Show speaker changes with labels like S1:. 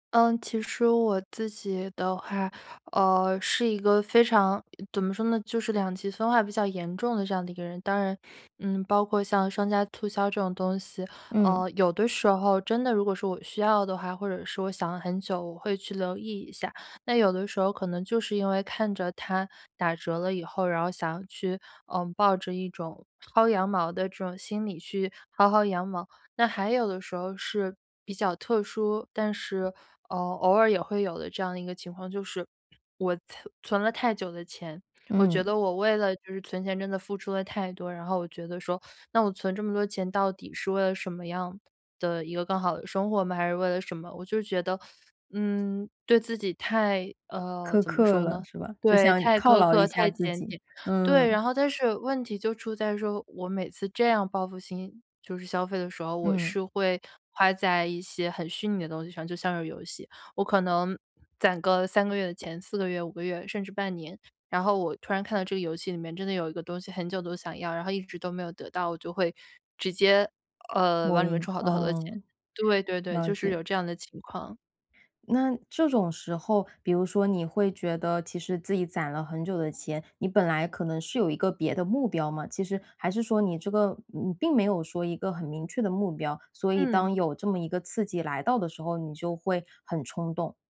S1: 嗯，其实我自己的话，呃，是一个非常怎么说呢，就是两极分化比较严重的这样的一个人。当然，嗯，包括像商家促销这种东西，
S2: 嗯。
S1: 呃，有的时候真的如果说我需要的话，或者是我想了很久，我会去留意一下。那有的时候可能就是因为看着它打折了以后，然后想去，呃，抱着一种薅羊毛的这种心理去薅薅羊毛。那还有的时候是比较特殊，但是，呃，偶尔也会有的这样的一个情况，就是，我存存了太久的钱，我觉
S2: 嗯。
S1: 得我为了就是存钱真的付出了太多，然后我觉得说，那我存这么多钱，到底是为了什么样的一个更好的生活吗？还是为了什么？我就是觉得，嗯，对自己太呃，
S2: 苛
S1: 怎么
S2: 刻
S1: 说
S2: 了，
S1: 呢？
S2: 是吧？就
S1: 对，
S2: 想
S1: 太
S2: 犒
S1: 苛
S2: 劳
S1: 刻，
S2: 一下
S1: 太
S2: 自
S1: 检
S2: 己，
S1: 点。对，
S2: 嗯。
S1: 然后但是问题就出在说，我每次这样报复性，就是消费的时候，我
S2: 嗯。
S1: 是会花在一些很虚拟的东西上，就像是游戏。我可能攒个3个月的钱，4个月、5个月甚至半年，然后我突然看到这个游戏里面真的有一个东西很久都想要，然后一直都没有得到，我就会直接，呃，往
S2: 某
S1: 里面
S2: 音，
S1: 充好多好多钱。
S2: 嗯，
S1: 对对对，
S2: 了
S1: 就是有
S2: 解。
S1: 这样的情况。
S2: 那这种时候，比如说你会觉得其实自己攒了很久的钱，你本来可能是有一个别的目标嘛，其实还是说你这个你并没有说一个很明确的目标。所以
S1: 嗯。
S2: 当有这么一个刺激来到的时候，你就会很冲动。